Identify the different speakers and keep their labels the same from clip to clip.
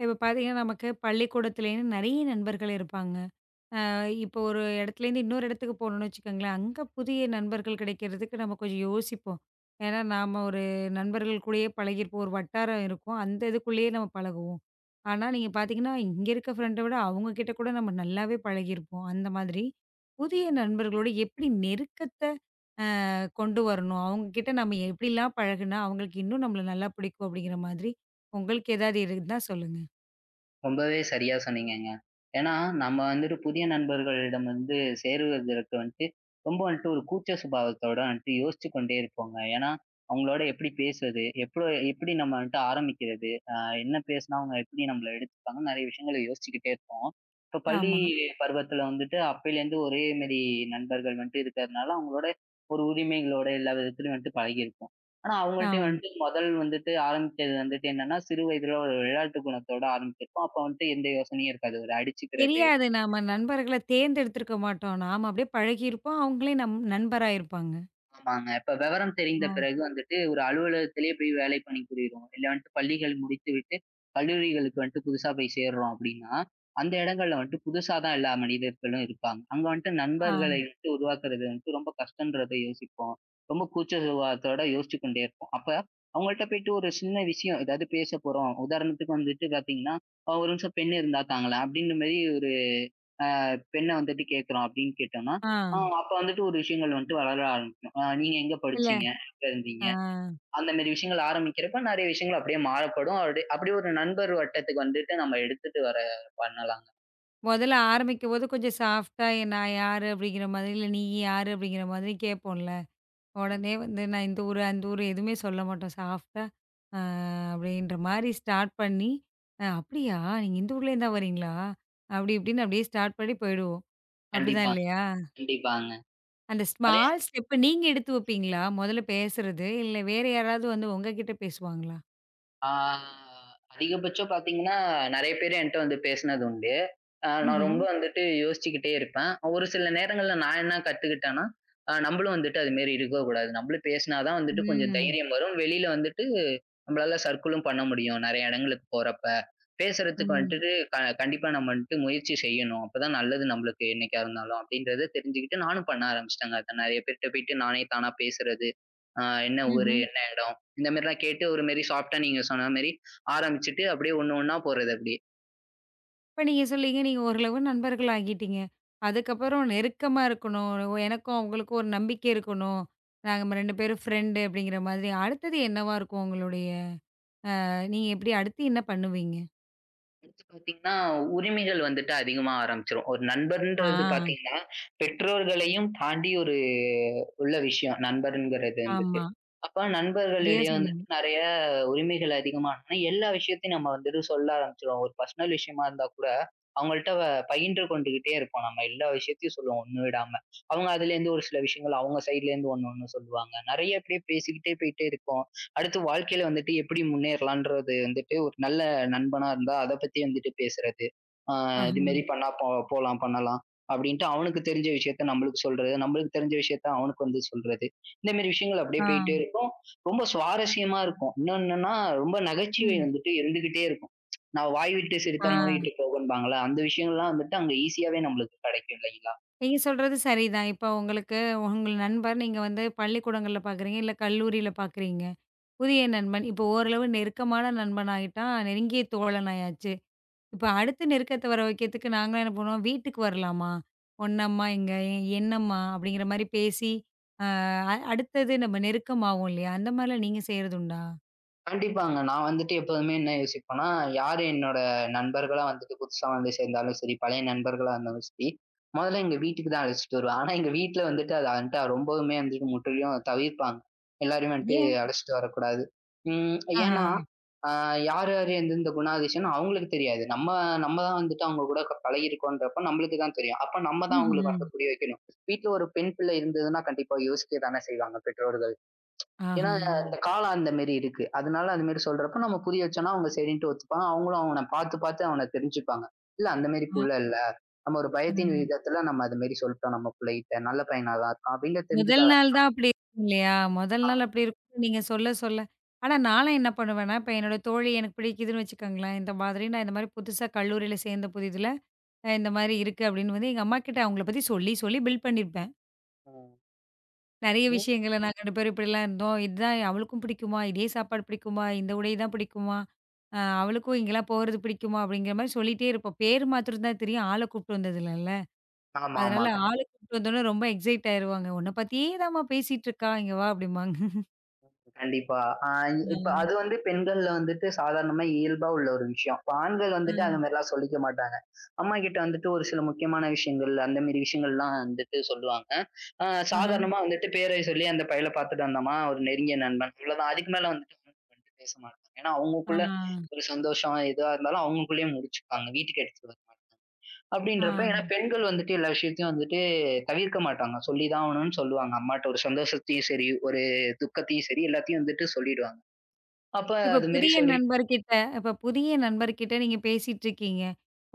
Speaker 1: இப்ப பாத்தீங்கன்னா, நமக்கு பள்ளிக்கூடத்தில இருந்து நெறைய நண்பர்கள் இருப்பாங்க. ஆ, இப்போ ஒரு இடத்துல இன்னொரு இடத்துக்கு போனும் வெச்சுக்கோங்களேன். அங்க புதிய நண்பர்கள் கிடைக்கறதுக்கு நம்ம கொஞ்சம் யோசிப்போம். என்னா, நாம ஒரு நண்பர்கள் கூடயே பழகி இருப்போம். ஒரு வட்டாரம் இருக்கும். அந்த இதுக்குள்ளயே நம்ம பழகவோம். ஆனா, நீங்கப் பாத்தீங்கன்னா, இங்க இருக்க ஃபிரெண்டு அவங்க கிட்ட கூட நம்ம நல்லாவே பழகி இருப்போம். அந்த மாதிரி. புதிய நண்பர்களோட எப்படி நெருக்கத்தை, ஆ, கொண்டு வரணும். அவங்க கிட்ட நம்ம எப்படி எல்லாம் பழகுனா, அவங்களுக்கு இன்னும் நம்மள நல்லா பிடிக்கும் அப்படிங்கற மாதிரி, உங்களுக்கு ஏதாவது இருந்தா சொல்லுங்க.
Speaker 2: ரொம்பவே சரியா சொன்னீங்கங்க. ஏன்னா, நம்ம வந்துட்டு புதிய நண்பர்களிடம் வந்து சேருவதற்கு வந்துட்டு, ரொம்ப வந்துட்டு ஒரு கூச்ச சுபாவத்தோட வந்துட்டு யோசுச்சு கொண்டே இருப்போங்க. ஏன்னா, அவங்களோட எப்படி பேசுறது, எப்பளோ எப்படி நம்ம கிட்ட ஆரம்பிக்கிறது, ஆ, என்ன பேசினா அவங்க எப்படி நம்மள எடுத்துப்பாங்கன்னு, நெறைய விஷயங்களை யோசிச்சுக்கிட்டே இருப்போம். இப்ப இ பள்ளி
Speaker 1: ஆமா.
Speaker 2: பருவத்துல வந்துட்டு, அப்பயில இருந்து ஒரே மாரி நண்பர்கள் மட்டும் இருக்கறதுனால, அவங்களோட ஒரு உரிமைகள்யோட, எல்லாவிதத்துலயும் வந்துட்டு பழகி இருப்போம். ஆனா, அவங்கள்ட்டையும்
Speaker 1: ஆ.
Speaker 2: வந்துட்டு மொதல் வந்துட்டு ஆரம்பிக்கிறது வந்துட்டு என்னன்னா, சிறு வயதில ஒரு விளையாட்டு குணத்தோட ஆரம்பிச்சிருப்போம். அப்ப வந்துட்டு, எந்த யோசனையும் இருக்காது. ஒரு அடிச்சுக்கிறது.
Speaker 1: தெரியாது. நாம நண்பர்கள தேர்ந்தெடுத்து இருக்க மாட்டோம். நாம அப்படியே பழகி இருப்போம். அவங்களே நம் நண்பர் ஆயிருப்பாங்க.
Speaker 2: ஆமாங்க. இப்ப விவரம் தெரிந்த
Speaker 1: அ.
Speaker 2: பிறகு வந்துட்டு ஒரு அலுவலகத்திலே போய் வேலை பண்ணி புரிறோம். இல்ல, வந்துட்டு பள்ளிகள் முடித்துவிட்டு கல்லூரிகளுக்கு வந்துட்டு புதுசா போய் சேர்றோம் அப்படின்னா, அந்த இடங்கள்ல வந்துட்டு புதுசாதான் எல்லா மனிதர்களும் இருப்பாங்க. அங்க வந்துட்டு நண்பர்களை
Speaker 1: ஆம்.
Speaker 2: எப்படி உருவாக்கறது வந்துட்டு ரொம்ப கஷ்டன்றத யோசிப்போம். ரொம்ப கூச்ச சுபாவத்தோட யோசிச்சு கொண்டே இருப்போம். அப்ப அவங்க கிட்ட போயிட்டு, ஒரு சின்ன விஷயம் ஏதாவது பேசப்போறோம். உதாரணத்துக்கு வந்துட்டு பாத்தீங்கன்னா, "ஒரு நிமிஷம் பெண் இருந்தா தாங்களேன்" அப்படின்னு மாதிரி ஒரு ஆ, பெண்ண வந்துட்டு கேட்கிறோம் அப்படின்னு கேட்டோம்னா, ஆ,
Speaker 1: ஆ.
Speaker 2: அப்ப வந்துட்டு ஒரு விஷயங்கள் வந்துட்டு வளர ஆரம்பிக்கும். ஆ, நீங்க எங்க
Speaker 1: இல்ல.
Speaker 2: படிச்சீங்க, எங்க இருந்தீங்க
Speaker 1: ஆ.
Speaker 2: அந்த மாதிரி விஷயங்கள் ஆரம்பிக்கிறப்ப, நிறைய விஷயங்கள் அப்படியே மாறப்படும். அப்படி அப்படியே ஒரு நண்பர் வட்டத்துக்கு வந்துட்டு நம்ம எடுத்துட்டு வர பண்ணலாங்க.
Speaker 1: முதல்ல ஆரம்பிக்கும்போது கொஞ்சம் சாஃப்ட்டா நான் யாரு அப்படிங்கற மாதிரி இல்ல. நீ யாரு அப்படிங்கற மாதிரி கேப்போம்ல. உடனே வந்து நான் இந்த ஊர், அந்த ஊர் எதுவுமே சொல்லமாட்டோம். சாஃப்ட்டா, அ, அப்படின்ற மாதிரி ஸ்டார்ட் பண்ணி, "அப்படியா? இந்த ஊர்ல இருந்து தான் வரீங்களா?" அப்படி இப்படின்னு அப்படியே ஸ்டார்ட் பண்ணி போயிடுவோம். அப்படித்தான்
Speaker 2: கண்டிப்பாங்க.
Speaker 1: இல்லையா?
Speaker 2: கண்டிப்பாங்க.
Speaker 1: அந்த
Speaker 2: அதே
Speaker 1: ஸ்மால் ஸ்டெப் நீங்க எடுத்து வைப்பீங்களா? முதல்ல பேசுறது இல்ல. வேற யாராவது வந்து உங்ககிட்ட பேசுவாங்களா?
Speaker 2: ஆ அதிகபட்சம் பாத்தீங்கன்னா, நெறைய பேர் என்ட்ட வந்து பேசினது உண்டு. அ, நான்
Speaker 1: ம்ஹும்.
Speaker 2: ரொம்ப வந்துட்டு யோசிச்சுக்கிட்டே இருப்பேன். ஒரு சில நேரங்கள்ல நான் என்ன கத்துக்கிட்டேன்னா, அ, நம்மளும் வந்துட்டு அது மாதிரி இருக்கக் கூடாது. நம்மளும் பேசினாதான் வந்துட்டு கொஞ்சம்
Speaker 1: ம்.
Speaker 2: தைரியம் வரும். வெளியில வந்துட்டு நம்மளால சர்க்கில்லும் பண்ண முடியும், நெறைய இடங்களுக்குப் போறப்ப. பேசுறதுக்கு
Speaker 1: ம்.
Speaker 2: வந்துட்டு கண்டிப்பா நம்ம வந்துட்டு முயற்சி செய்யணும். அப்பதான் நல்லது நம்மளுக்கு என்னைக்கா இருந்தாலும். அப்படின்றதை தெரிஞ்சிக்கிட்டு நானும் பண்ண ஆரம்பிச்சிட்டேங்க. நெறைய பேர் கிட்ட போயிட்டு நானே தானா பேசுறது, அ, என்ன ஊரு,
Speaker 1: ம்ஹும்.
Speaker 2: என்ன இடம் இந்த மாதிரி எல்லாம் கேட்டு ஒரு மாதிரி சாஃப்ட்டா நீங்க சொன்ன மாதிரி ஆரம்பிச்சிட்டு, அப்படியே ஒண்ணு ஒண்ணா போறது அப்படியே.
Speaker 1: இப்போ நீங்கச் சொல்லுங்க. நீங்க ஒரு அளவு நண்பர்களாகிட்டீங்க. அதுக்கப்புறம் நெருக்கமா இருக்கணும். எனக்கும் அவங்களுக்கும் ஒரு நம்பிக்கை இருக்கணும். நாங்க 2 பேரும் ஃப்ரெண்டு அப்படிங்கற மாதிரி. அடுத்தது என்னவா இருக்கும்? உங்களுடைய அ, நீங்க எப்படி அடுத்து என்ன பண்ணுவீங்க?
Speaker 2: வந்து பாத்தீங்கன்னா உரிமைகள் வந்துட்டு அதிகமா ஆரம்பிச்சிரும். ஒரு நண்பர்ன்றது
Speaker 1: ஆ.
Speaker 2: பாத்தீங்கன்னா, பெற்றோர்களையும் தாண்டி ஒரு உள்ள விஷயம் நண்பர்ங்கிறது வந்துட்டு.
Speaker 1: ஆமா.
Speaker 2: அப்ப
Speaker 1: சரியா
Speaker 2: நண்பர்களிடையே வந்து
Speaker 1: சொன்னீங்க.
Speaker 2: நெறைய உரிமைகள் அதிகமா ஆனா எல்லா விஷயத்தையும் நம்ம வந்துட்டு சொல்ல ஆரம்பிச்சிருவோம். ஒரு பெர்சனல் விஷயமா இருந்தாக்கூட, அவங்கள்ட்ட வ பகிர்ந்து கொண்டுகிட்டே இருப்போம். நம்ம எல்லா விஷயத்தையும் சொல்லுவோம் ஒண்ணு விடாம. அவங்க அதுல இருந்து ஒரு சில விஷயங்கள் அவங்க சைட்ல இருந்து ஒண்ணொன்னு சொல்லுவாங்க. நெறைய அப்படியே பேசிக்கிட்டே போயிட்டே இருப்போம். அடுத்து வாழ்க்கையில வந்துட்டு எப்படி முன்னேறலாம்ன்றது வந்துட்டு ஒரு நல்ல நண்பனா இருந்தா அதைப் பத்தி வந்துட்டு பேசுறது. ஆ, இது
Speaker 1: ஆஹன்.
Speaker 2: மாதிரி பண்ணா போ போலாம், பண்ணலாம் அப்படின்னு அவனுக்குத் தெரிஞ்ச விஷயத்தை நம்மளுக்கு சொல்றது, நம்மளுக்கு தெரிஞ்ச விஷயத்தை அவனுக்கு வந்து சொல்றது. இந்த மாதிரி விஷயங்கள் அப்படியே
Speaker 1: ஆ.
Speaker 2: போயிட்டே இருக்கும். ரொம்ப சுவாரஸ்யமா இருக்கும். இன்னொன்னுன்னா ரொம்ப நகைச்சுவை
Speaker 1: ம்.
Speaker 2: வந்துட்டு இருந்துகிட்டே இருக்கும். நான் வாய்விட்டு சிரித்தால் நோய்
Speaker 1: ஆ.
Speaker 2: விட்டுப் போகும்பாங்கள்ல. அந்த விஷயங்கள்லாம் வந்துட்டு அங்க ஈசியாவே நம்மளுக்கு கிடைக்கும். இல்லைங்களா?
Speaker 1: நீங்கச் சொல்றது சரிதான். இப்போ உங்களுக்கு உங்கள் நண்பர் நீங்க வந்து பள்ளிக்கூடங்கள்ல பாக்குறீங்க. இல்ல கல்லூரியில பாக்குறீங்க. புதிய நண்பன் இப்போ ஓரளவு நெருக்கமான நண்பன் ஆயிட்டான். நெருங்கிய தோழன் ஆயாச்சு. இப்போ அடுத்த நெருக்கத்தை வர வைக்கறதுக்கு நாங்கள்லாம் என்ன பண்ணுவோம். வீட்டுக்கு வரலாமா? உன்னம்மா எங்க என்னம்மா அப்படிங்கற மாதிரி பேசி. அ, அடுத்தது நம்ம நெருக்கமாவும் இல்லயா, அந்த மாதிரி எல்லாம் நீங்க செய்யறது உண்டா?
Speaker 2: கண்டிப்பாங்க. நான் வந்துட்டு எப்பவுமே என்ன யோசிப்பேன்னா, யாரு என்னோட நண்பர்களா வந்துட்டு புதுசா வந்து சேர்ந்தாலும் சரி, பழைய நண்பர்களா வந்தாலும் சரி, முதல்ல எங்க வீட்டுக்குத்தான் அழைச்சிட்டு வருவேன். ஆனா எங்க வீட்டுல வந்துட்டு, அது வந்துட்டு ரொம்பவுமே வந்துட்டு முற்றிலும் தவிர்ப்பாங்க. எல்லாரையும் வந்துட்டு
Speaker 1: ஏன்?
Speaker 2: அழைச்சிட்டு வரக் கூடாது. அம்,
Speaker 1: ஆஹா.
Speaker 2: ஏன்னா, ஆ, யாரு யாரு எந்த எந்த குணாதிசயம்னு அவங்களுக்கு தெரியாது. நம்ம நம்ம தான் வந்துட்டு அவங்க கூடப் பழகி இருக்கோம்ன்றப்போ, நம்மளுக்குத்தான் தெரியும். அப்போ நம்ம தான் அவங்களுக்கு
Speaker 1: ம்ஹும்.
Speaker 2: வந்து புரிய வைக்கணும். வீட்ல ஒரு பெண்பிள்ளை இருந்ததுன்னா கண்டிப்பா யோசிக்கத்தானே செய்வாங்க பெற்றோர்கள். ஏன்னா
Speaker 1: ஆஹா.
Speaker 2: அந்தக் காலம் அந்த மாதிரி இருக்கு. அதனால அந்த மாதிரி சொல்றப்போ, நம்ம புரிய வச்சோம்னா அவங்க சரின்னு ஒத்துப்பாங்க. அவங்களும் அவன பாத்து பாத்து அவனத் தெரிஞ்சுப்பாங்க. இல்ல அந்த மாதிரி
Speaker 1: ஆ.
Speaker 2: புள்ள இல்ல. நம்ம ஒரு பயத்தின்
Speaker 1: ம்.
Speaker 2: விதத்துல நம்ம அதை மாதிரி சொல்லிட்டோம், நம்ம புள்ளைட்ட. நல்ல பையனா தான் இருக்கான் அப்படின்னு தெரிஞ்சுக்க
Speaker 1: முதல் நாள் தான் அப்படி இருக்கும் இல்லையா? முதல்
Speaker 2: ஆமா.
Speaker 1: நாள் அப்படி இருக்கும். நீங்கச் சொல்லச் சொல்ல ஆனா நான்லாம் என்ன பண்ணுவேன்னா, இப்ப என்னோட தோழி எனக்குப் பிடிக்குதுன்னு வச்சுக்கோங்களேன், இந்த மாதிரி இந்த மாதிரி புதுசா கல்லூரியில சேர்ந்த புதிதுல, அ இந்த மாதிரி இருக்கு அப்படின்னு எங்க அம்மா கிட்ட அவங்கள பத்தி சொல்லிச் சொல்லி பிள்ட் பண்ணி இருப்பேன்.
Speaker 2: ஆ.
Speaker 1: நிறைய
Speaker 2: ம்.
Speaker 1: விஷயங்கள நாங்க 2 பேரும் இப்படி எல்லாம் இருந்தோம். இது தான் அவளுக்கும் பிடிக்குமா, இதே சாப்பாடு பிடிக்குமா, இந்த உடை தான் பிடிக்குமா, அ, அவளுக்கும் இங்க எல்லாம் போறது பிடிக்குமா அப்படிங்கற மாதிரி சொல்லிட்டே இருப்பேன். பேரு மாத்திரம் தான் தெரியும். ஆளக் கூட்டிட்டு வந்தது இல்ல.
Speaker 2: ஆமாமா.
Speaker 1: அதனால
Speaker 2: கண்டிப்
Speaker 1: ஆளக் கூட்டிட்டு வந்தா ரொம்ப எக்ஸ்சைட் ஆயிடுவாங்க. உன்ன பத்தியே தான் மா பேசிட்டு இருக்கா. இங்க வா அப்படிம்பாங்க.
Speaker 2: கண்டிப்பா. அ இப்ப
Speaker 1: ம்.
Speaker 2: அது வந்து பெண்கள்ல வந்துட்டு சாதாரணமா இயல்பா உள்ள ஒரு விஷயம். ஆண்கள் வந்துட்டு அது
Speaker 1: ம்.
Speaker 2: மாரிலாம் சொல்லிக்க மாட்டாங்க. அம்மா கிட்ட வந்துட்டு ஒரு சில முக்கியமான விஷயங்கள் அந்த மாரி விஷயங்கள்லாம் வந்துட்டு சொல்லுவாங்க. ஆ
Speaker 1: அஹ.
Speaker 2: சாதாரணமா வந்துட்டு பேரை சொல்லி அந்தப் பையல பாத்துட்டு வந்தாமா, ஒரு நெருங்கிய நண்பன். இவ்ளோதான் [unintelligible] அதுக்கு மேல வந்துட்டு [unintelligible] பேசமாட்டாங்க. ஏன்னா
Speaker 1: ஆ.
Speaker 2: அவங்களுக்குள்ள ஒரு சந்தோஷம் இதா இருந்தாலும் அவங்களுக்குள்ளேயே முடிச்சுப்பாங்க. வீட்டுக்கு எடுத்துட்டு வரமாட்டாங்க. அப்படின்றப்போ, ஏன்னா
Speaker 1: ஆ.
Speaker 2: பெண்கள் வந்துட்டு எல்லா விஷயத்தையும் வந்துட்டு தவிர்க்க மாட்டாங்க. சொல்லிதான் ஆகணும்னு சொல்லுவாங்க. அம்மாட்ட ஒரு சந்தோஷத்தையும் சரி, ஒரு துக்கத்தையும் சரி எல்லாத்தையும் வந்துட்டு சொல்லிடுவாங்க. அப்ப
Speaker 1: இப்ப
Speaker 2: அது மாரி
Speaker 1: புதிய
Speaker 2: சொல்லி
Speaker 1: நண்பர் கிட்ட, இப்ப புதிய நண்பர் கிட்ட நீங்கப் பேசிட்டு இருக்கீங்க.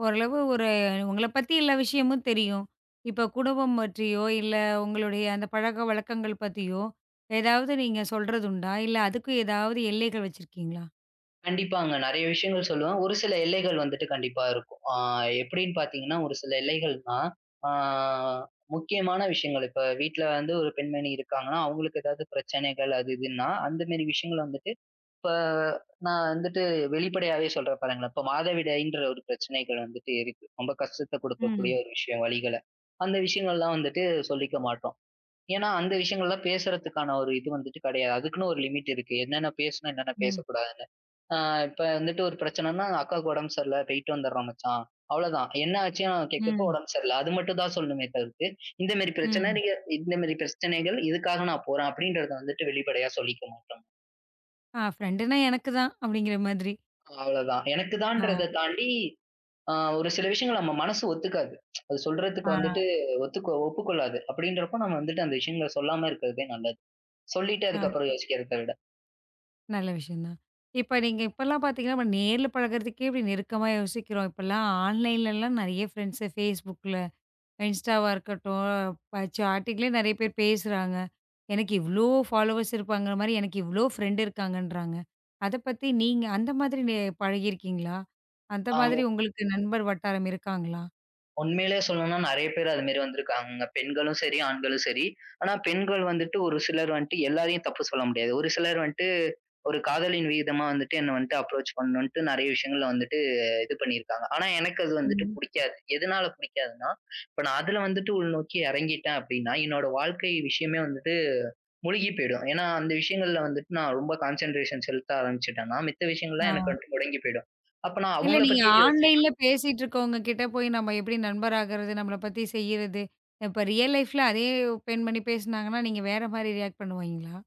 Speaker 1: ஓரளவு ஒரு உங்கள பத்தி எல்லா விஷயமும் தெரியும். இப்ப குடும்பம் மற்றியோ இல்ல உங்களுடைய அந்தப் பழக்கவழக்கங்கள் பத்தியோ, ஏதாவது நீங்க சொல்றது உண்டா? இல்ல அதுக்கு ஏதாவது எல்லைகள் வச்சிருக்கீங்களா?
Speaker 2: கண்டிப்பாங்க. நெறைய விஷயங்கள் சொல்லுவேன். ஒரு சில எல்லைகள் வந்துட்டு கண்டிப்பா இருக்கும். ஆ எப்படின்னு பார்த்தீங்கன்னா, ஒரு சில எல்லைகள்னா ஆ முக்கியமான விஷயங்கள். இப்ப வீட்ல வந்து ஒரு பெண்மணி இருக்காங்கன்னா, அவங்களுக்கு ஏதாவது பிரச்சனைகள் அது, இதுன்னா அந்த மாரி விஷயங்கள் வந்துட்டு, இப்ப நான் வந்துட்டு வெளிப்படையாவே சொல்றேன் பாருங்களேன். இப்ப மாதவிடாய்ன்ற ஒரு பிரச்சனைகள் வந்துட்டு இருக்கு. ரொம்ப கஷ்டத்த குடுக்கக்கூடிய
Speaker 1: ம்.
Speaker 2: ஒரு விஷயம், வலிகளை. அந்த விஷயங்கள்லாம் வந்துட்டு சொல்லிக்க மாட்டோம். ஏன்னா அந்த விஷயங்கள்லாம் பேசுறதுக்கான ஒரு இது வந்துட்டு கெடையாது. அதுக்குன்னு ஒரு லிமிட் இருக்கு. என்னென்ன பேசணும், என்னென்ன
Speaker 1: ம்.
Speaker 2: பேசக் கூடாதுன்னு. ஆ இப்ப வந்துட்டு ஒரு பிரச்சனைன்னா, அக்காவுக்கு உடம்பு சரியில்ல, போய்ட்டு வந்தறேன் மச்சான். அவ்ளோதான். என்ன ஆச்சுன்னு கேட்கிறப்போ,
Speaker 1: ம்.
Speaker 2: உடம்பு சரியில்ல. அது மட்டும்தான் சொல்லணும்மே தவிர்த்து, இந்த மாரி பிரச்சனை
Speaker 1: ம்.
Speaker 2: நீங்க இந்த மாரி பிரச்சனைகள் இதுக்காக நான் போறேன் அப்படிங்கிறதை வந்துட்டு வெளிப்படையா சொல்லிக்க மாட்டாங்க.
Speaker 1: ஆ ஃப்ரெண்டுன்னா எனக்குத் தான் அப்படிங்கிற மாதிரி.
Speaker 2: அவ்வளவுதான்.
Speaker 1: ஆ.
Speaker 2: எனக்குதான்றதை தாண்டி, அ ஒரு சில விஷயங்கள் நம்ம மனசு ஒத்துக்காது. அதைச் சொல்றதுக்கு வந்துட்டு
Speaker 1: ஆ.
Speaker 2: ஒத்துக் ஒப்புக்கொள்ளாது. அப்படின்றப்போ நம்ம வந்துட்டு அந்த விஷயங்களை சொல்லாம இருக்கிறதே நல்லது. சொல்லிட்டு
Speaker 1: ஆ.
Speaker 2: அதுக்கப்புறம் யோசிக்கிறதை விட.
Speaker 1: நல்ல விஷயம் தான். இப்ப நீங்க இப்பலாம் பார்த்தீங்கன்னா, நேர்ல பழகுறதுக்கு நெருக்கமா யோசிக்கிறோம். இப்பல்லாம் ஆன்லைன்ல எல்லாம் நிறைய ஃப்ரண்ட்ஸ்.ஃபேஸ்புக்ல, இன்ஸ்டாவா இருக்கட்டும். பா சாட்டிங்ல நிறைய பேர் பேசுறாங்க. எனக்கு இவ்ளோ ஃபாலோவர்ஸ் இருப்பாங்கிறமாரி, எனக்கு இவ்ளோ ஃப்ரண்ட் இருக்காங்கன்றாங்க. அத பத்தி நீங்க அந்த மாதிரி நே பழகி இருக்கீங்களா? அந்த
Speaker 2: அ
Speaker 1: மாதிரி உங்களுக்கு நண்பர் வட்டாரம் இருக்காங்களா?
Speaker 2: உண்மையிலேயே சொல்லணும்னா நிறைய பேர் அது மாதிரி வந்திருக்காங்க. பெண்களும் சரி, ஆண்களும் சரி. ஆனா பெண்கள் வந்துட்டு ஒரு சிலர் வந்துட்டு எல்லாரையும் தப்பு சொல்ல முடியாது. ஒரு சிலர் வந்துட்டு ஒரு காதலின் வீதமா வந்துட்டு என்னை வந்துட்டு அப்ரோச் பண்ணுண்ட்டு நறைய விஷயங்கள்ல வந்துட்டு இது பண்ணிருக்காங்க. ஆனா எனக்கு அது வந்துட்டு
Speaker 1: ம்.
Speaker 2: பிடிக்காது. எதனால பிடிக்காதுன்னா, இப்ப நான் அதுல வந்துட்டு உள்நோக்கி இறங்கிட்டேன் அப்படின்னா, என்னோட வாழ்க்கை விஷயமே வந்துட்டு முழுகி போயிடும். ஏன்னா அந்த விஷயங்கள்ல வந்துட்டு நான் ரொம்ப கான்சென்ட்ரேஷன் செலுத்த ஆரம்பிச்சிட்டேன்னா மித்த விஷயங்கள்
Speaker 1: ஆ.
Speaker 2: எல்லாம் எனக்கு வந்துட்டு முடங்கிப் போயிடும். அப்ப நான்
Speaker 1: இல்ல.
Speaker 2: அவங்களை
Speaker 1: நீங்க
Speaker 2: பத்தியே யோசிச்சிட்டுருப்
Speaker 1: ஆன்லைன்ல பேசிட்டு இருக்கவங்க கிட்ட போய் நாம எப்படி நண்பர் ஆகுறது? நம்மள பத்தி செய்யறது. இப்ப ரியல் லைஃப்ல அதே பெண்மணி பேசுனாங்கன்னா, நீங்க வேற மாதிரி ரியேக்ட் பண்ணுவீங்களா?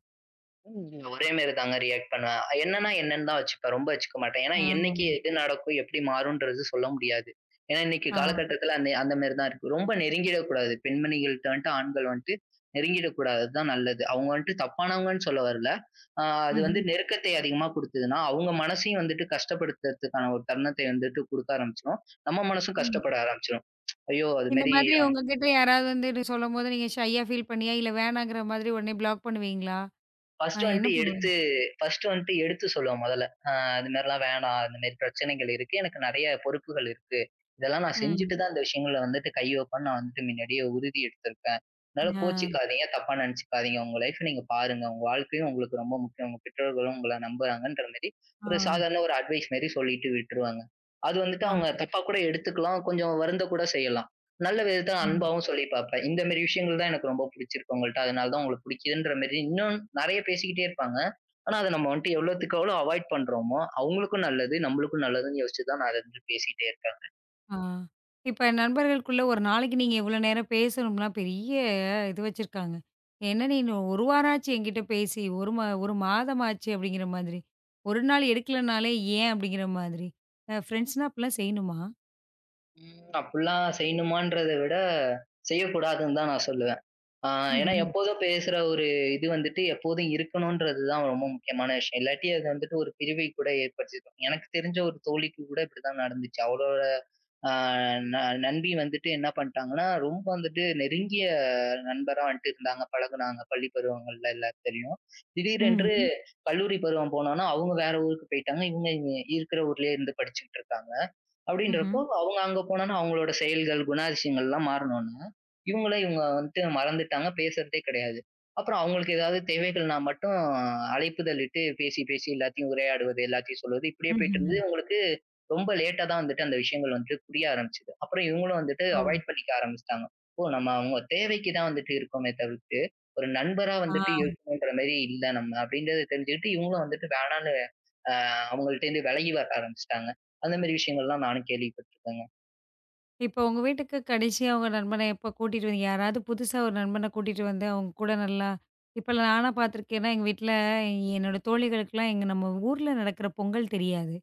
Speaker 2: ஒரே மாரிதாங்க ரியக்ட் பண்ணுவேன். என்னன்னா என்னன்னுதான் வச்சுப்பேன். ரொம்ப வச்சுக்க மாட்டேன். ஏன்னா என்னைக்கு
Speaker 1: ஆ.
Speaker 2: எது நடக்கும், எப்படி மாறும்ன்றது சொல்ல முடியாது. ஏன்னா இன்னைக்கு
Speaker 1: ஆ.
Speaker 2: கால கட்டத்துல அந்த அந்த மாரிதான் இருக்கு. ரொம்ப நெருங்கிடக் கூடாது. பெண்மணிகள்ட்ட வன்ட்டு, ஆண்கள் வன்ட்டு நெருங்கிடக் கூடாதுதான் நல்லது. அவங்க வந்துட்டு தப்பானவங்கன்னு சொல்ல வரல. அ அது வந்து
Speaker 1: ம்ஹ்ம்.
Speaker 2: நெருக்கத்தை அதிகமா குடுத்ததுன்னா அவங்க மனசையும் வந்துட்டு கஷ்டப்படுத்துறதுக்கான ஒரு தருணத்த வந்துட்டு குடுக்க ஆரம்பிச்சிடும். நம்ம மனசும்
Speaker 1: ம்.
Speaker 2: கஷ்டப்பட ஆரம்பிச்சிடும். ஐயோ அது
Speaker 1: இந்த
Speaker 2: மாரி
Speaker 1: மாதிரி உங்ககிட்ட யாராவது வந்து சொல்லும்போது, நீங்க ஷையா பீல் பண்ணியா, இல்ல வேணாங்கிற மாரி உடனே ப்ளாக் பண்ணுவீங்களா? ஆ
Speaker 2: பர்ஸ்ட்
Speaker 1: என்ன
Speaker 2: வன்ட்டு
Speaker 1: பண்ணுவீங்க?
Speaker 2: எடுத்து பர்ஸ்ட் வந்துட்டு எடுத்துச் சொல்லுவேன் முதல்ல. அ. அது மாரி எல்லாம் வேணாம். அந்த மாதிரி பிரச்சனைகள் இருக்கு. எனக்கு நிறைய பொறுப்புகள் இருக்கு. இதெல்லாம் நான்
Speaker 1: ம்.
Speaker 2: செஞ்சிட்டுதான் அந்த விஷயங்கள வந்துட்டு கை வப்பேன்னு நான் வந்துட்டு முன்னாடியே உறுதி எடுத்துருக்கேன். அதனால
Speaker 1: ஆ.
Speaker 2: கோச்சுக்காதீங்க. தப்பா நினைச்சுக்காதீங்க. உங்க லைப் நீங்க பாருங்க. உங்க வாழ்க்கையும் உங்களுக்கு ரொம்ப முக்கியம். உங்க பெற்றோர்களும் உங்களை நம்பறாங்கன்ற மாதிரி ஒரு
Speaker 1: ஆ.
Speaker 2: சாதாரண ஒரு அட்வைஸ் மாதிரி சொல்லிட்டு விட்டுருவேங்க. அது வந்துட்டு
Speaker 1: ஆ.
Speaker 2: அவங்க தப்பாக்கூட எடுத்துக்கலாம். கொஞ்சம் வருந்தக்கூட செய்யலாம். நல்ல விதத்துல
Speaker 1: ம்.
Speaker 2: அன்பாவும் சொல்லிப் பார்ப்பேன். இந்த மாதிரி விஷயங்கள் தான் எனக்கு ரொம்ப பிடிச்சிருக்கு உங்கள்ட்ட. அதனாலதான் உங்களை பிடிக்கிறதுன்ற மாரி இன்னும் நிறைய பேசிக்கிட்டே இருப்பாங்க. ஆனா அதை நம்ம வந்துட்டு எவ்வளவுத்துக்கு எவ்வளவு அவாய்ட் பண்றோமோ, அவங்களுக்கும் நல்லது, நம்மளுக்கும் நல்லதுன்னு யோசிச்சுதான் அது வந்துட்டு பேசிக்கிட்டே இருப்பாங்க.
Speaker 1: ஆ. இப்ப நண்பர்களுக்குள்ள ஒரு நாளைக்கு நீங்க எவ்வளவு நேரம் பேசணும்னு பெரிய இது வச்சிருக்காங்க. என்ன நீனு 1 வாரமாச்சு என்கிட்ட பேசி ஒரு, ஒரு மாதமாச்சு அப்படிங்கிற மாதிரி ஒரு நாள் எடுக்கலைன்னாலே ஏன் அப்படிங்கிற மாதிரி ஃபிரண்ட்ஸ்ன்னா அப்படி எல்லாம் செய்யணுமா?
Speaker 2: ம். அப்புல்லாம் செய்யணுமான்றதைவிட, செய்யக் கூடாதுன்னுதான் நான் சொல்லுவேன். ஆ ஏன்னா
Speaker 1: ம்ஹ்ம்.
Speaker 2: எப்போதும் பேசுற ஒரு இது வந்துட்டு எப்போதும் இருக்கணும்றதுதான் ரொம்ப முக்கியமான விஷயம். இல்லாட்டி அது வந்துட்டு ஒரு பிரிவை கூட ஏற்படுத்திடும். எனக்குத் தெரிஞ்ச ஒரு தோழிக்கு கூட இப்டிதான் நடந்துச்சு. அவுளோட அ ந நண்பி வந்துட்டு என்ன பண்ணிட்டாங்கன்னா, ரொம்ப வந்துட்டு நெருங்கிய நண்பரா வந்தட்டு இருந்தாங்க, பழகுனாங்க பள்ளிப் பருவங்கள்ல எல்லாம் தெரியும். திடீரென்று
Speaker 1: ம்ஹ்ம்.
Speaker 2: கல்லூரி பருவம் போனவுடனே அவங்க வேற ஊருக்குப் போயிட்டாங்க. இவங்க இங்க இருக்கிற ஊர்லயே இருந்து படிச்சுகிட்டு இருக்காங்க.
Speaker 1: ம்ஹ்ம்.
Speaker 2: அப்டின்றப்போ அவுங்க அங்க போனவுடனே அவுங்களோட செயல்கள், குணாதிசயங்கள்லாம் மாறினவுடனே இவுங்களை இவுங்க வந்துட்டு மறந்துட்டாங்க. பேசுறதே கிடையாது. அப்புறம் அவங்களுக்கு ஏதாவது தேவைகள்னா மட்டும் அழைப்புதலிட்டு பேசி, பேசி எல்லாதையும் உரையாடுவது, எல்லாதையும் சொல்வது இப்படியே போயிட்டு இருந்தது.
Speaker 1: ம்ஹ்ம்.
Speaker 2: அவுங்களுக்கு ரொம்ப லேட்டா தான் வந்துட்டு அந்த விஷயங்கள் வந்துட்டு புரிய ஆரம்பிச்சுது. அப்புறம் இவுங்களும் வந்துட்டு
Speaker 1: ஓ!
Speaker 2: அவாய்ட் பண்ணிக்க ஆரம்பிச்சுட்டாங்க. இப்போ நம்ம அவுங்க தேவைக்குத்தான் வந்துட்டு இருக்கோமே தவிர்த்து, ஒரு நண்பரா
Speaker 1: ஆ.
Speaker 2: வந்துட்டு இருக்கணும்கிற மாரி இல்ல நம்ம அப்டின்றத தெரிஞ்சுக்கிட்டு இவுங்களும் வந்துட்டு வேணானு, அ அவுங்கட்ட இருந்து விலகி வர ஆரம்பிச்சுட்டாங்க. அந்த மாரி விஷயங்கள்லாம் நானும் கேள்விப்பட்டிருக்கேங்க.
Speaker 1: இப்போ உங்க வீட்டுக்குக் கடைசியா உங்க நண்பனை எப்போ கூட்டிட்டு வந்தீங்க. யாராவது புதுசா ஒரு நண்பனைக் கூட்டிட்டு வந்து உங்க கூட நல்லா இப்ப எல்லாம் நாலாம் பார்த்திருக்கிறேன் ஏன்னா எங்க வீட்டுல என்னோட தோழிகளுக்கு எல்லாம் எங்க நம்ம ஊர்ல நடக்குற பொங்கல் தெரியாது.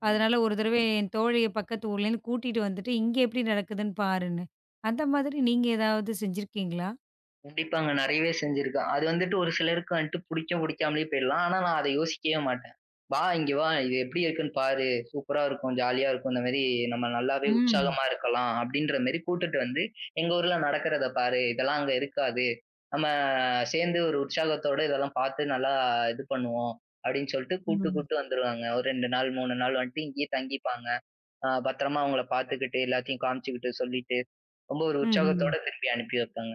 Speaker 2: ம்.
Speaker 1: அதுனால ஒரு தடவை என் தோழிய பக்கத்து ஊரலிருந்து கூட்டிட்டு வந்துட்டு, இங்க எப்டி நடக்குதுன்னு பாருன்னு. அந்த மாதிரி நீங்க எதாவது செஞ்சிருக்கீங்களா?
Speaker 2: கண்டிப்பாங்க. நிறையவே செஞ்சிருக்கோம். அது வந்துட்டு ஒரு சிலருக்கு வந்துட்டு புடிக்கும், பிடிக்காமலும் போயிரலாம். ஆனா நான் அதை யோசிக்கவே மாட்டேன். வா இங்க வா. இது எப்டி இருக்குன்னு பாரு. சூப்பரா இருக்கும். ஜாலியா இருக்கும். அந்த மாரி நம்ம நல்லாவே
Speaker 1: ம்.
Speaker 2: உற்சாகமா இருக்கலாம் அப்டின்ற மாதிரி கூட்டிட்டு வந்து, எங்க ஊர்ல நடக்கிறதை பாரு. இதெல்லாம் அங்க இருக்காது. நம்ம சேர்ந்து ஒரு உற்சாகத்தோடு இதெல்லாம் பாத்து நல்லா இது பண்ணுவோம் அப்டின்னு சொல்லிட்டு கூப்ட்டு,
Speaker 1: ம்.
Speaker 2: கூப்ட்டு வந்துருவாங்க. ஒரு 2 நாள், 3 நாள் வந்துட்டு இங்கேயே தங்கிப்பாங்க. அ பத்திரமா அவங்களை பார்த்துக்கிட்டு எல்லாத்தையும் காமிச்சுக்கிட்டு, சொல்லிட்டு ரொம்ப ஒரு
Speaker 1: ம்ம்.
Speaker 2: உற்சாகத்தோடு திருப்பி அனுப்பி வைப்பாங்க.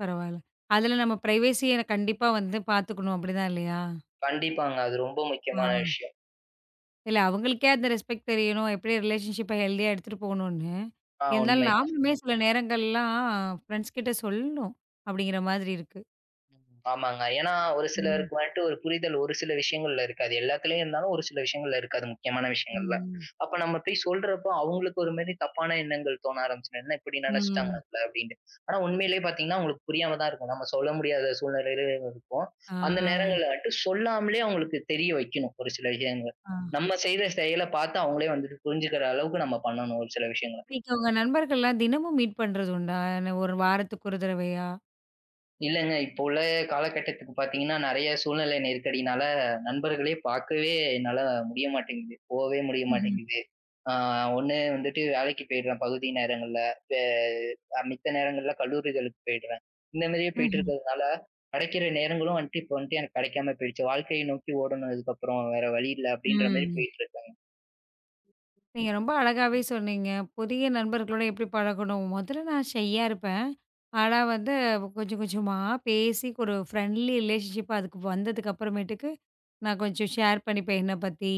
Speaker 1: பரவால்ல. அதுல நம்ம ப்ரைவசிய கண்டிப்பா வந்து பாத்துக்கணும். அப்படி தான் இல்லயா?
Speaker 2: கண்டிப்பாங்க. அது ரொம்ப
Speaker 1: ஆ.
Speaker 2: முக்கியமான விஷ்யம்.
Speaker 1: இல்ல அவங்களுக்கே அந்த ரெஸ்பெக்ட் தெரியனும். எப்படி ரெளடிவன் ஷிப்ப கெல்தியா எடுத்துட்டு போகணும்னு.
Speaker 2: ஆ
Speaker 1: இருந்தாலும்
Speaker 2: உண்மை தா.
Speaker 1: நாமலுமே சில நேரங்கள் எல்லாம் ஃபிரண்ட்ஸ் கிட்ட சொல்லணும் அப்டிங்கிற மாதிரி இருக்கு.
Speaker 2: ஆமாங்க. ஏன்னா ஒரு
Speaker 1: ம்.
Speaker 2: சிலருக்கு வந்துட்டு ஒரு புரிதல் ஒரு சில விஷயங்கள்ல இருக்காது. எல்லாத்துலயும் இருந்தாலும் ஒரு சில விஷயங்கள்ல இருக்காது. முக்கியமான விஷயங்கள்ல.
Speaker 1: ம்ம்.
Speaker 2: அப்ப நம்ம போய்ச் சொல்றப்போ, அவுங்களுக்கு ஒரு மாதிரி தப்பான எண்ணங்கள் தோண ஆரம்ச்சிடும். என்ன இப்படி நினைச்சுட்டாங்க
Speaker 1: ம்.
Speaker 2: நம்மல அப்படின்னு. ஆனா உண்மையிலேயே பார்த்தீங்கன்னா அவங்களுக்கு புரியாமதான் இருக்கும். நம்ம சொல்ல முடியாத சூழ்நிலையிலும் இருப்போம். அந்த
Speaker 1: ஆ.
Speaker 2: நேரங்கள்ல வந்துட்டு, சொல்லாமலேயே அவங்களுக்கு தெரிய வைக்கணும் ஒரு சில விஷயங்களை.
Speaker 1: ஆ.
Speaker 2: நம்ம செய்த செயலை பார்த்து அவங்களே வந்துட்டு புரிஞ்சுக்கிற அளவுக்கு நம்ம பண்ணணும் ஒரு சில விஷயங்களை.
Speaker 1: வீட்ல உங்க நண்பர்கள் எல்லாம் தினமும் மீட் பண்றது உண்டா? 1 வாரத்துக்கு ஒரு தடவையா.
Speaker 2: இல்லைங்க. இப்போ உள்ள கால கட்டத்துக்குப் பார்த்தீங்கன்னா நிறைய சூழ்நிலை நெருக்கடினால நண்பர்களைப் பாக்கவே என்னால முடிய மாட்டிங்கிது. போவே முடிய
Speaker 1: ம்ஹ்ம்.
Speaker 2: மாட்டிங்கிது. ஆ 1 வந்துட்டு வேலைக்கு போயிருவேன் பகுதி நேரங்கள்ல. அ. மித்த நேரங்கள்ல கல்லூரிகளுக்கு போயிடுவேன். இந்த மாரியே போயிட்டு
Speaker 1: ம்ஹ்ம்.
Speaker 2: இருக்கறதுனால கிடைக்கிற நேரங்களும் வந்துட்டு, இப்ப வந்துட்டு எனக்குக் கிடைக்காம போயிடுச்சு. வாழ்க்கையை நோக்கி ஓடணும் இதுக்கப்புறம் வேற வழி இல்ல
Speaker 1: ம்,
Speaker 2: அப்படின்ற மாரி
Speaker 1: ம்.
Speaker 2: போயிட்டு இருக்கேங்க.
Speaker 1: நீங்க ரொம்ப அழகாவே சொன்னீங்க. புதிய நண்பர்களுடன் எப்படி பழகணும்? முதல்ல நான் ஷையா இருப்பேன். ஆனா வந்து கொஞ்சம் கொஞ்சமா பேசிப் ஒரு ஃப்ரெண்ட்லி ரெலேஷன்ஷிப் அதுக்கு வந்ததுக்கு அப்புறமேட்டுக்கு நான் கொஞ்சம் ஷேர் பண்ணிப்பேன். என்ன பத்தி,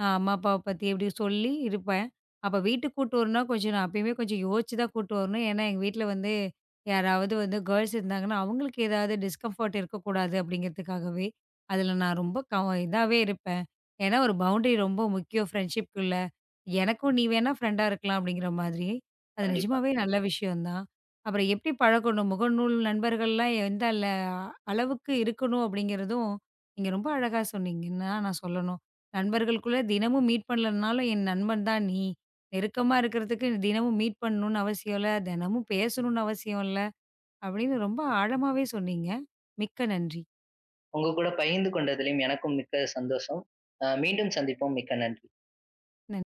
Speaker 1: அ, அம்மா அப்பாவ பத்தி சொல்லி இருப்பேன். அப்ப வீட்டுக்குக் கூட்டிட்டு வரணும். கொஞ்சம் நான் எப்பவுமே கொஞ்சம் யோசிச்சுதான் கூட்டிட்டு வரணும். ஏன்னா எங்க வீட்ல வந்து யாராவது வந்து கேர்ள்ஸ் இருந்தாங்கன்னா அவங்களுக்கு ஏதாவது டிஸ்கம்ஃபர்ட் இருக்க கூடாது அப்படிங்கறதுக்காகவே அதுல நான் ரொம்ப கவ இதாவே இருப்பேன். ஏன்னா ஒரு பவுண்டரி ரொம்ப முக்கியம். ப்ரெண்ட்ஷிப்குள்ள எனக்கும் நீ வேணா ஃப்ரெண்ட் இருக்கலாம் அப்படிங்கிற மாதிரி. அது
Speaker 2: கண்டிப்பா.
Speaker 1: நிஜமாவே நல்ல விஷயம் தான். அப்புறம் எப்படி பழக்கணும்? முகநூல் நண்பர்கள் எல்லாம் இருந்தாலும் அளவுக்கு இருக்கணும் அப்படிங்கறதும் இங்க ரொம்ப அழகா சொன்னீங்க. நான் சொல்லணும் நண்பர்களுக்குத் தினமும் மீட் பண்ணலைனாலும் என் நண்பன் தான் நீ. நெருக்கமா இருக்கிறதுக்கு தினமும் மீட் பண்ணனும்னு அவசியம் இல்ல. தினமும் பேசணும்னு அவசியம் இல்ல அப்படின்னு ரொம்ப ஆழமாவே சொன்னீங்க. மிக்க நன்றி.
Speaker 2: உங்க கூடப் பகிர்ந்து கொண்டதிலும் எனக்கும் மிக்க சந்தோஷம். அ மீண்டும் சந்திப்போம். மிக்க நன்றி.
Speaker 1: நன்றி.